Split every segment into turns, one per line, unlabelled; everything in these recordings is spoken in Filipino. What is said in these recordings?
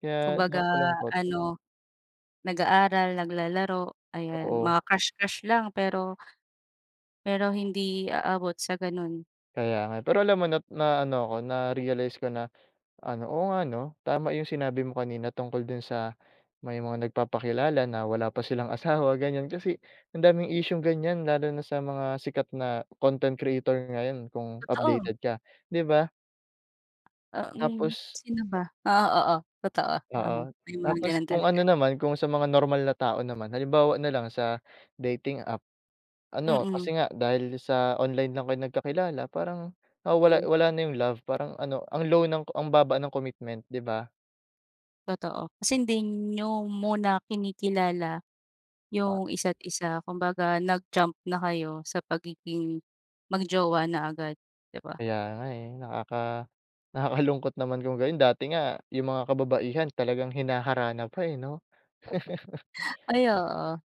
Kaya
Kumbaga
nakakalungkot.
ano, nag-aaral, naglalaro, ayan.
Oo.
Mga crush-crush lang, pero pero hindi aabot sa ganun.
Kaya nga. Pero alam mo na naano ako, na-realize ko na ano, oo nga 'no, tama yung sinabi mo kanina tungkol dun sa may mga nagpapakilala na wala pa silang asawa, ganyan. Kasi ang daming isyung ganyan lalo na sa mga sikat na content creator ngayon kung
Totoo.
updated ka, di ba?
Ah, mm,
Tapos
sino ba? Oo, oo. Totoo. Oo,
Oo.
may mga
Tapos
gano'n
kung
talaga.
ano naman, kung sa mga normal na tao naman, halimbawa na lang sa dating app. Ano,
Mm.
kasi nga dahil sa online lang kayo nagkakilala parang nawawala
Mm.
wala na yung love. Parang ano, ang low ng ang baba ng commitment, di ba?
Totoo. Kasi hindi niyo muna kinikilala
Di ba?
yung isa't isa. Kumbaga nag-jump na kayo sa pagiging mag-jowa na agad, di ba?
Kaya nga, eh. Nakaka nakakalungkot naman kung gayun. Dati nga yung mga kababaihan talagang hinaharana pa, eh, 'no.
Ay, oo.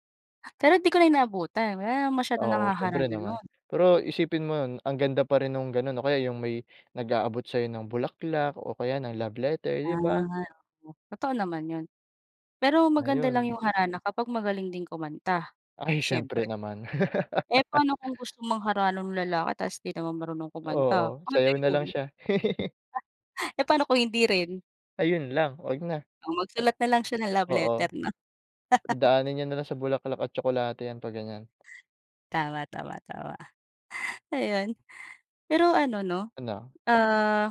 Pero di ko na yun naabutan. Wala na masyadong
Oo, siyempre
nanghaharana
naman.
nun.
Pero isipin mo yun, ang ganda pa rin nung ganun o kaya yung may nag-aabot sa'yo ng bulaklak o kaya ng love letter, di ba?
Ah, oo. Totoo naman yun. Pero maganda lang
Ngayon
yung harana kapag magaling din kumanta,
Ay syempre
siyempre.
naman.
Eh, pa'no kung gusto mangharana nung lalaki ta's di naman marunong kumanta,
Oo.
pa'no
Sayaw na
yun?
lang siya.
Eh, pa'no kung hindi rin?
Ayun lang. 'Wag na,
Oh,
a
magsulat na lang siya ng love
oo.
letter 'no?
Daanin niya na lang sa bulaklak at tsokolate 'yan 'pag ganyan.
Tama, tama, tama. Ayun. Pero ano 'no,
Ano?
ah